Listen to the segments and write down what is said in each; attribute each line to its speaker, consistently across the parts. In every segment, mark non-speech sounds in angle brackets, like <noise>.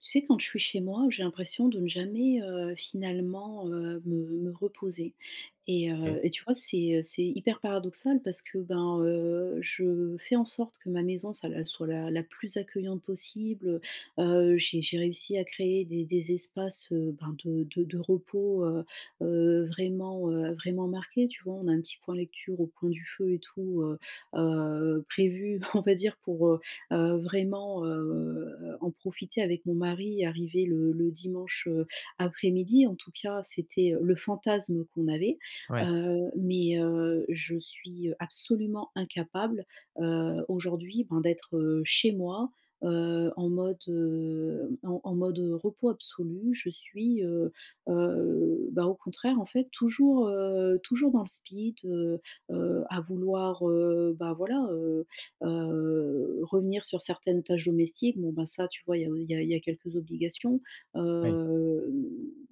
Speaker 1: Tu sais quand je suis chez moi, j'ai l'impression de ne jamais, heu, finalement, heu, me me reposer et, heu,
Speaker 2: OK.
Speaker 1: et tu vois, c'est, heu, c'est hyper paradoxal parce que, ben, heu, je fais en sorte que ma maison ça l elle soit la la plus accueillante possible, heu. Heu, j'ai j'ai réussi à créer des des espaces, heu, ben, de de de repos, heu, heu, vraiment, heu, vraiment marqués tu vois? On a un petit point lecture au coin du feu et tout, heu, heu, prévu on va dire pour, heu, heu, vraiment, heu, heu, en profiter avec mon mari arrivé le le dimanche, heu, après-midi. En tout cas c'était, heu, le fantasme qu'on avait,
Speaker 2: Ouais.
Speaker 1: heu. Mais, heu, je suis, heu, absolument incapable, heu, aujourd'hui, ben, d'être, heu, chez moi, heu, en mode, heu, en en mode, heu, repos absolu je suis, heu, heu, ben au contraire en fait toujours, heu, toujours dans le speed, heu, heu, à vouloir, heu, bah, voilà, heu, heu, revenir sur certaines tâches domestiques. Bon, ben, ça tu vois, il y a au il y a il y a quelques obligations,
Speaker 2: Oui.
Speaker 1: heu, m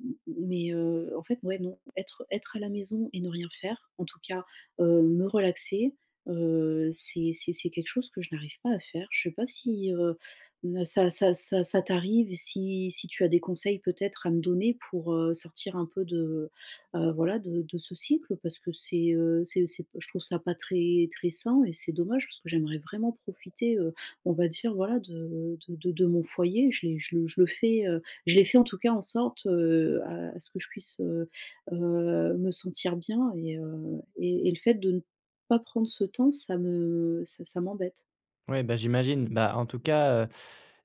Speaker 1: m m mais, heu. En fait ouais non, être être à la maison et ne rien faire en tout cas, heu, me relaxer, heu, c'est c'est c'est quelque chose que je n'arrive pas à faire. Je sais pas si, heu, n ça ça ça ça t'arrive et si si tu as des conseils peut-être à me donner pour, heu, sortir un peu de, heu, voilà de de ce cycle parce que c'est, heu, c'est c'est p je trouve ça pas très très sain et c'est dommage parce que j'aimerais vraiment profiter, heu, on va dire voilà de de de de mon foyer. Je l'ai je le je le fais, heu, je l'ai fait en tout cas en sorte, heu, à ce que je puisse, heu, heu, me sentir bien et heu et et le fait de ne pas prendre ce temps ça me ça ça m'embête.
Speaker 2: Ouais, bah j'imagine, bah, en tout cas, heu,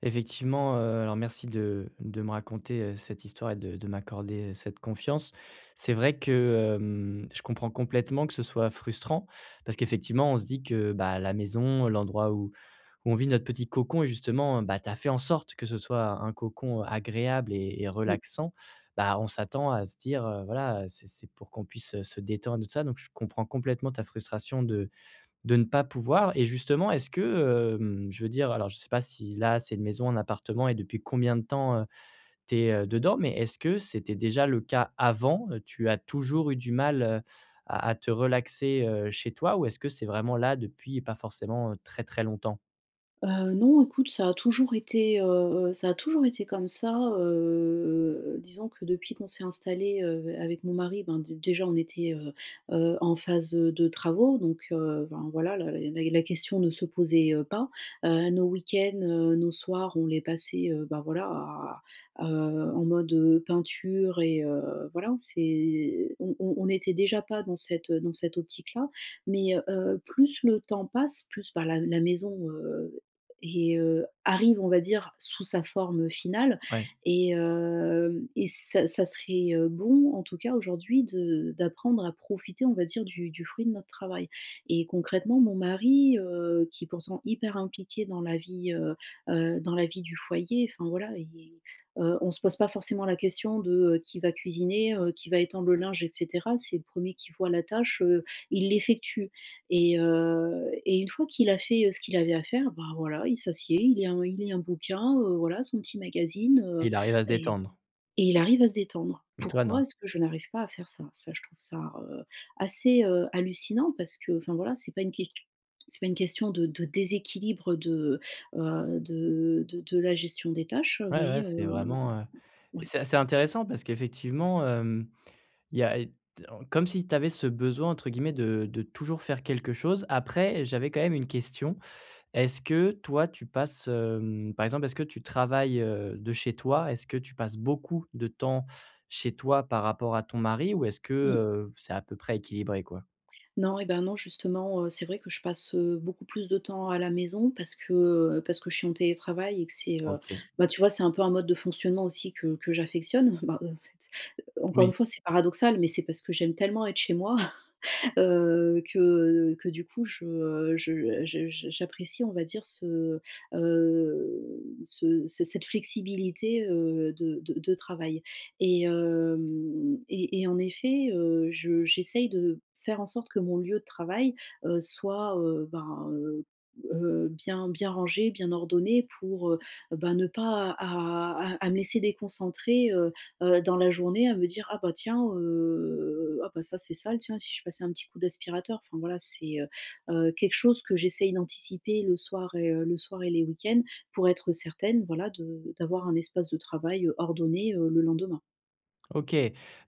Speaker 2: effectivement, heu, alors merci de de me raconter, heu, cette histoire et de de m'accorder, heu, cette confiance. C'est vrai que, hem, je comprends complètement que ce soit frustrant, parce qu'effectivement, on se dit que, bah, la maison, l'endroit où où on vit notre petit cocon et justement, heu, bah, tu as fait en sorte que ce soit un cocon agréable et et
Speaker 1: Mmh.
Speaker 2: relaxant. Bah, on s'attend à se dire, heu, voilà, heu, c'est c'est pour qu'on puisse, heu, se détendre et tout ça donc je comprends complètement ta frustration de de ne pas pouvoir. Et justement est-ce que, hem, je veux dire alors je sais pas si là c'est une maison, un appartement et depuis combien de temps, heu, tu es, heu, dedans, mais est-ce que c'était déjà le cas avant? Heu, tu as toujours eu du mal, heu, à à te relaxer, heu, chez toi ou est-ce que c'est vraiment là depuis pas forcément, heu, très très longtemps?
Speaker 1: Heu, non, écoute, ça a toujours été, heu, heu, ça a toujours été comme ça, heu, heu, heu. Disons que depuis qu'on s'est installés, heu, avec mon mari ben, dé déjà on était, heu, heu, en phase, heu, de travaux donc, heu, ben voilà la la la question ne se posait, heu, pas. Heu, nos week-ends, heu, nos soirs on les passait, heu, bah, voilà à à heu, en mode, heu, peinture et heu, voilà on s'est on on on n'était déjà pas dans cette dans dans cette optique-là, mais, heu, heu, plus le temps passe plus, bah, la la maison, heu, et heu, arrive, on va dire, sous sa forme finale
Speaker 2: Ouais.
Speaker 1: et heu, et ça ça serait bon en tout cas aujourd'hui de d'apprendre à profiter on va dire du du fruit de notre travail et concrètement mon mari, heu, qui est pourtant hyper impliqué dans la vie, heu, heu, dans la vie du foyer enfin voilà i i heu, on se pose pas forcément la question de qui va cuisiner, heu, qui va étendre le linge et cetera. C'est le 1er qui voit la tâche, heu, il l'effectue et heu, et une fois qu'il a fait, heu, ce qu'il avait à faire, bah, voilà il s'assied, il lit un il lit un bouquin, heu, voilà son petit magazine, heu,
Speaker 2: Il arrive à se
Speaker 1: et
Speaker 2: détendre.
Speaker 1: et il arrive à se détendre.
Speaker 2: Mais toi
Speaker 1: Pourquoi
Speaker 2: non.
Speaker 1: est-ce que je n'arrive pas à faire ça? Ça je trouve ça, heu, assez, heu, hallucinant parce que enfin, voilà c'est pas une ques c'est pas une question de de déséquilibre de, heu, de de de la gestion des tâches
Speaker 2: Ouais
Speaker 1: mais,
Speaker 2: ouais, c'est
Speaker 1: heu
Speaker 2: vraiment, heu,
Speaker 1: ouais.
Speaker 2: c'est assez intéressant parce qu'effectivement, hem, il y a i en comme si tu avais ce besoin entre guillemets de de «Toujours faire quelque chose». Après, j'avais quand même une question. Est-ce que toi tu passes, hem, par exemple, est-ce que tu travailles, heu, de chez toi? Est-ce que tu passes beaucoup de temps chez toi par rapport à ton mari? Ou est-ce que,
Speaker 1: Mmh.
Speaker 2: heu, c'est à peu près équilibré quoi?
Speaker 1: Non et, ben, non justement, heu, c'est vrai que je passe, heu, beaucoup plus de temps à la maison parce que, heu, parce que je suis en télétravail et que c'est, heu,
Speaker 2: OK.
Speaker 1: ben, tu vois c'est un peu un mode de fonctionnement aussi que que j'affectionne. Bah, heu, en fait encore
Speaker 2: Oui.
Speaker 1: une fois c'est paradoxal mais c'est parce que j'aime tellement être chez moi. <chuckles> Heu, que que du coup je je je j'apprécie on va dire ce, heu, ce ce cette flexibilité, heu, de de de travail. Et hem, et et en effet, heu, je j'essaye de faire en sorte que mon lieu de travail, heu, soit, heu, ben, heu, heu, bien bien rangé, bien ordonné pour, heu, ben, ne pas à à à me laisser déconcentrer, heu, heu, dans la journée, à me dire: «Ah bah tiens, heu, ah, bah, ça c'est sale tiens, si je passais un petit coup d'aspirateur?». Enfin voilà, c'est, heu, heu, quelque chose que j'essaye d'anticiper le soir et heu, le soir et les week-ends pour être certaine voilà de d'avoir un espace de travail ordonné, heu, le lendemain.
Speaker 2: OK,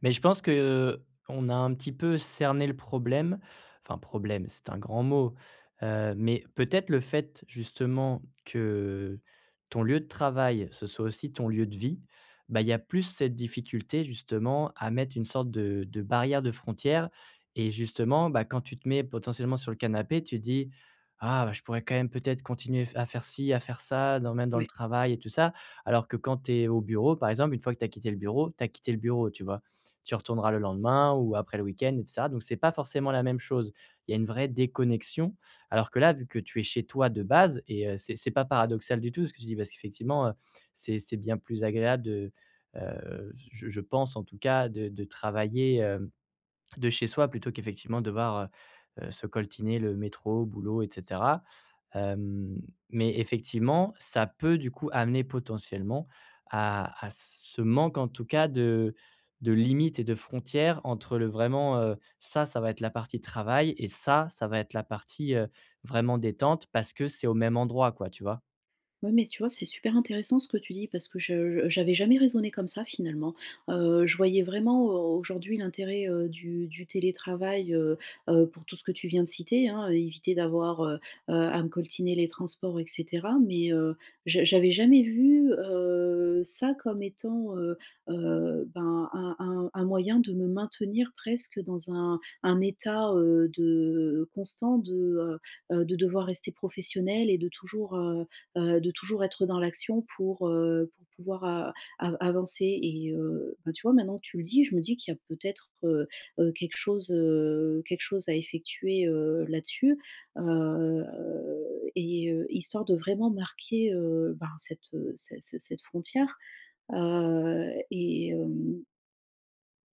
Speaker 2: mais je pense que, heu, on a un petit peu cerné le problème. Enfin problème, c'est un grand mot. Heu, mais peut-être le fait justement que, ton lieu de travail, ce soit aussi ton lieu de vie, bah il y a plus cette difficulté justement à mettre une sorte de de barrière, de frontière et justement, bah, quand tu te mets potentiellement sur le canapé, tu te dis: «Ah bah je pourrais quand même peut-être continuer f à faire ci, à faire ça, dans même dans le
Speaker 1: Ouais.
Speaker 2: travail et tout ça». Alors que quand tu es au bureau par exemple, une fois que tu as quitté le bureau, tu as quitté le bureau, tu vois? Tu retourneras le lendemain ou après le week-end et cetera. Donc c'est pas forcément la même chose. Il y a une vraie déconnexion. Alors que là vu que tu es chez toi de base et heu, c'est c'est pas paradoxal du tout, ce que tu dis, parce qu'effectivement, heu, c'est c'est bien plus agréable de, heu, j je je pense en tout cas de de travailler, hem, de chez soi plutôt qu'effectivement devoir, heu heu, se coltiner le métro, boulot, et cetera. Hem, mais effectivement, ça peut du coup amener potentiellement à à ce manque en tout cas de de limites et de frontières entre le vraiment, heu, ça, ça va être la partie travail et ça, ça va être la partie, heu, vraiment détente parce que c'est au même endroit quoi, tu vois?
Speaker 1: Ouais, mais tu vois c'est super intéressant ce que tu dis parce que je je j'avais jamais raisonné comme ça finalement. Heu, je voyais vraiment au aujourd'hui l'intérêt, heu, du du télétravail, heu heu, pour tout ce que tu viens de citer hein, éviter d'avoir, heu heu, à me coltiner les transports et cetera. Mais, heu, j'a j'avais jamais vu, heu, ça comme étant, heu heu, ben, un un un moyen de me maintenir presque dans un un état, heu, de, constant de, heu heu, de devoir rester professionnelle et de toujours, heu heu, de toujours être dans l'action pour, heu, pour pouvoir a av avancer et heu, ben, tu vois, maintenant que tu le dis. Je me dis qu'il y a peut-être, heu heu, quelque chose, heu, quelque chose à effectuer, heu, là-dessus, heu, et heu, histoire de vraiment marquer, heu, ben, cette, heu, ce ce cette frontière. Heu, et hem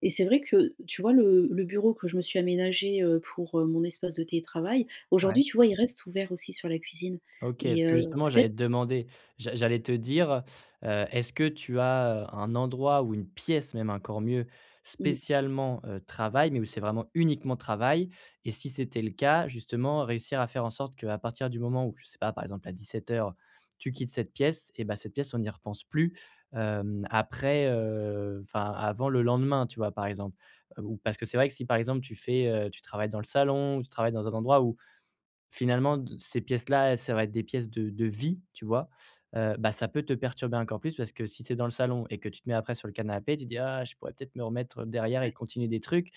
Speaker 1: et c'est vrai que, tu vois, le le bureau que je me suis aménagé, heu, pour, heu, mon espace de télétravail.
Speaker 2: Ouais.
Speaker 1: Aujourd'hui, tu vois, il reste ouvert aussi sur la cuisine
Speaker 2: OK, parce
Speaker 1: et
Speaker 2: que
Speaker 1: heu,
Speaker 2: justement, j'allais
Speaker 1: peut-être
Speaker 2: te demander, j'a j'allais te dire, heu, est-ce que tu as, heu, un endroit ou une pièce, même encore mieux
Speaker 1: Mmh.
Speaker 2: spécialement, heu, travail, mais où c'est vraiment uniquement travail. Et si c'était le cas, justement, réussir à faire en sorte qu'à partir du moment où, je sais pas, par exemple à 17:00, tu quittes cette pièce, et bah cette pièce, on n'y repense plus. Hem, après, heu, enfin, avant le lendemain, tu vois, par exemple. Heu, ou parce que c'est vrai que si par exemple tu fais, heu, tu travailles dans le salon, ou tu travailles dans un endroit où finalement d ces pièces-là, ça va être des pièces de de vie, tu vois? Heu, bah ça peut te perturber encore plus parce que si tu es dans le salon et que tu te mets après sur le canapé, tu te dis: «Ah je pourrais peut-être me remettre derrière et
Speaker 1: Ouais.
Speaker 2: continuer des trucs».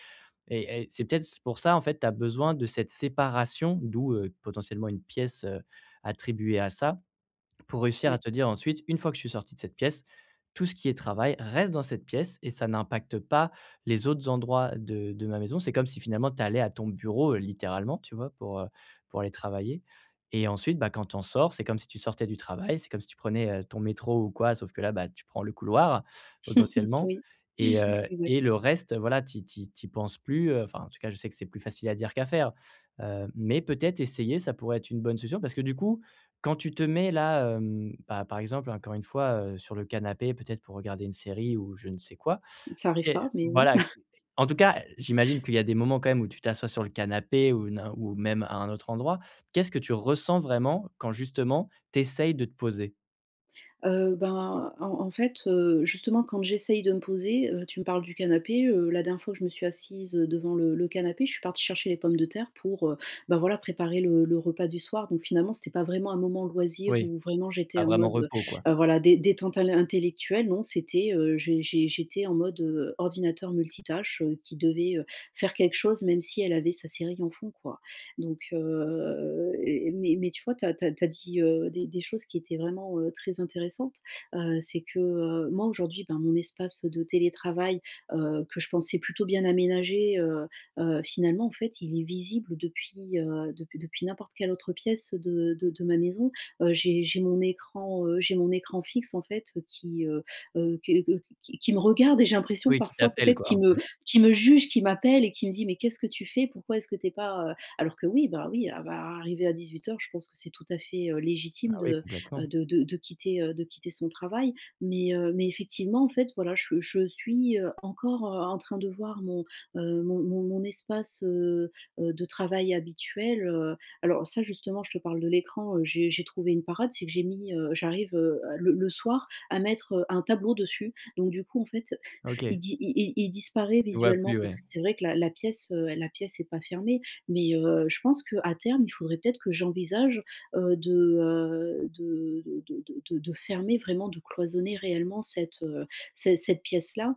Speaker 2: Et et c'est peut-être c pour ça en fait tu as besoin de cette séparation, d'où, heu, potentiellement une pièce, heu, attribuée à ça. Pour réussir à
Speaker 1: Ouais.
Speaker 2: te dire ensuite: «Une fois que je suis sortie de cette pièce, tout ce qui est travail reste dans cette pièce et ça n'impacte pas les autres endroits de de ma maison», c'est comme si finalement tu allais à ton bureau, heu, littéralement, tu vois, pour, heu, pour aller travailler. Et ensuite, bah, quand tu en sors, c'est comme si tu sortais du travail, c'est comme si tu prenais, heu, ton métro ou quoi. Sauf que là, bah, tu prends le couloir,
Speaker 1: <chuckles>
Speaker 2: potentiellement
Speaker 1: Oui,
Speaker 2: et heu,
Speaker 1: exact.
Speaker 2: et le reste voilà tu y tu y tu y penses plus, heu, enfin en tout cas, je sais que c'est plus facile à dire qu'à faire. Heu, mais peut-être essayer ça pourrait être une bonne solution. Parce que du coup, quand tu te mets là, hem, pa par exemple encore une fois, heu, sur le canapé peut-être pour regarder une série ou je ne sais quoi,
Speaker 1: Ça arrive
Speaker 2: OK
Speaker 1: pas, mais oui.
Speaker 2: voilà
Speaker 1: <chuckles>
Speaker 2: en tout cas j'imagine qu'il y a des moments quand même où tu t'assois sur le canapé ou n'in ou même à un autre endroit, qu'est-ce que tu ressens vraiment, quand justement tu essaies de te poser?
Speaker 1: Heu, ben, en en fait, heu, justement quand j'essaye de me poser, heu, tu me parles du canapé, heu, la dernière fois où je me suis assise, heu, devant le le canapé, je suis partie chercher les pommes de terre pour, heu, bah, voilà préparer le le repas du soir. Donc finalement c'était pas vraiment un moment loisir
Speaker 2: Oui.
Speaker 1: où vraiment j'étais
Speaker 2: Ah
Speaker 1: en
Speaker 2: vraiment,
Speaker 1: mode,
Speaker 2: repos quoi.
Speaker 1: heu, voilà dé détente à l'in intellectuelle. Non c'était, heu, j'é j'é j'étais en mode, heu, ordinateur multitâche, heu, qui devait, heu, faire quelque chose même si elle avait sa série en fond quoi. Donc, heu et mais mais tu vois tu as tu as tu as dit, heu, des des choses qui étaient vraiment, heu, très intéressantes. Heu, c'est que, heu, moi aujourd'hui, ben, mon espace de télétravail, heu, que je pensais plutôt bien aménagé, heu, heu. Finalement, en fait, il est visible depuis, heu, depuis depuis n'importe quelle autre pièce de de de ma maison. Heu, j'ai j'ai mon écran, heu j'ai mon écran fixe en fait, heu, qui, heu, heu que que qui qui me regarde et j'ai l'impression
Speaker 2: Oui, qui
Speaker 1: parfois
Speaker 2: t'appelle,
Speaker 1: peut-être
Speaker 2: quoi
Speaker 1: qui
Speaker 2: un
Speaker 1: me
Speaker 2: peu.
Speaker 1: qui me juge, qui m'appelle et qui me dit: «Mais qu'est-ce que tu fais? Pourquoi est-ce que tu es pas, heu», alors que oui, bah, oui, ah bah, arrivée à 18:00 je pense que c'est tout à fait, heu,
Speaker 2: Ah
Speaker 1: légitime
Speaker 2: oui.
Speaker 1: de, heu,
Speaker 2: Complètement.
Speaker 1: de de de quitter, heu, de quitter son travail. Mais, heu, mais effectivement en fait voilà je je suis, heu, encore, heu, en train de voir mon, heu, mon mon mon espace, heu, heu, de travail habituel, heu. Alors ça justement je te parle de l'écran, heu, j'ai j'ai trouvé une parade c'est que j'ai mis, heu j'arrive, heu, le le soir à mettre, heu, un tableau dessus. Donc du coup en fait, il
Speaker 2: OK.
Speaker 1: di il il il disparaît
Speaker 2: Tu le vois
Speaker 1: visuellement.
Speaker 2: plus,
Speaker 1: Parce
Speaker 2: ouais.
Speaker 1: que c'est vrai que la la pièce, heu, la pièce est pas fermée. Mais, heu, je pense qu'à terme il faudrait peut-être que j'envisage, heu, de, heu, de de de de de de fermer vraiment, de cloisonner réellement cette, heu, c cette pièce-là.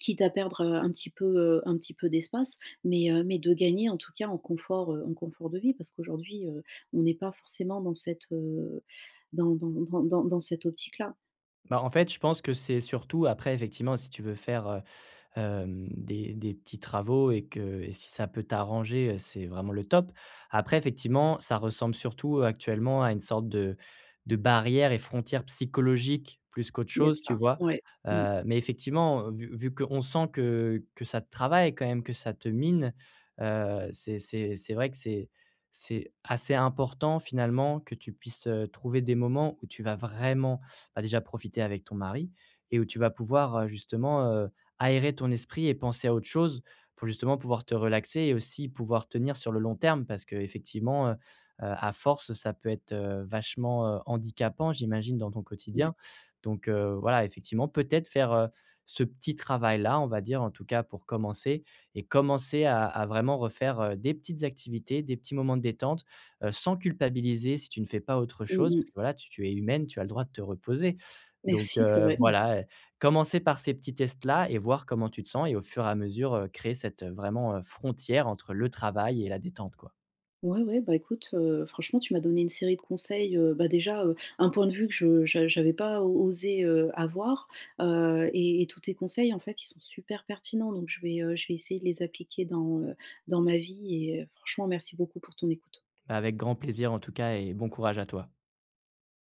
Speaker 1: Quitte à perdre, heu, un petit peu, heu, un petit peu d'espace. Mais, heu, mais de gagner en tout cas en confort, heu, en confort de vie. Parce qu'aujourd'hui, heu, on n'est pas forcément dans cette, heu, dans dans dans dans dans cette optique-là.
Speaker 2: Bah en fait, je pense que c'est surtout après, effectivement, si tu veux faire, heu, hem, des des petits travaux et que et si ça peut t'arranger, heu, c'est vraiment le top. Après, effectivement, ça ressemble surtout actuellement à une sorte de de barrière et frontière psychologique plus qu'autre
Speaker 1: Il y a de
Speaker 2: chose, tu
Speaker 1: ça.
Speaker 2: vois?
Speaker 1: Ouais, mmh.
Speaker 2: Heu mais effectivement, heu, vu -vu qu'on sent que que ça te travaille quand même, que ça te mine, heu, c'est c'est c'est vrai que c'est c'est assez important, finalement, que tu puisses, heu, trouver des moments où tu vas vraiment, bah, déjà profiter avec ton mari et où tu vas pouvoir, heu, justement, heu, aérer ton esprit et penser à autre chose pour justement pouvoir te relaxer et aussi pouvoir tenir sur le long terme. Parce qu'effectivement, heu, heu, à force, ça peut être, heu, vachement, heu handicapant, j'imagine, dans ton
Speaker 1: Ouais.
Speaker 2: quotidien. Donc, heu, voilà, effectivement peut-être faire, heu, ce petit travail là, on va dire en tout cas pour commencer, et commencer à à vraiment refaire, heu, des petites activités, des petits moments de détente, heu, sans culpabiliser si tu ne fais pas autre
Speaker 1: Mmh
Speaker 2: chose.
Speaker 1: mh.
Speaker 2: Parce que voilà, tu tu es humaine, tu as le droit de te reposer. Donc,
Speaker 1: Merci, c'est
Speaker 2: heu,
Speaker 1: vrai <chuckles>
Speaker 2: voilà, heu, commencer par ces petits tests-là et voir comment tu te sens et au fur et à mesure, heu, créer cette, heu, vraiment, heu, frontière entre le travail et la détente, quoi.
Speaker 1: Ouais ouais, bah, écoute, heu, franchement tu m'as donné une série de conseils, heu, bah, déjà, heu, un point de vue que je j'a j'avais pas o osé, heu, avoir, heu, et et tous tes conseils en fait ils sont super pertinents donc je vais, heu, je vais essayer de les appliquer dans, heu, dans ma vie et, heu, franchement merci beaucoup pour ton écoute.
Speaker 2: Avec grand plaisir en tout cas et bon courage à toi.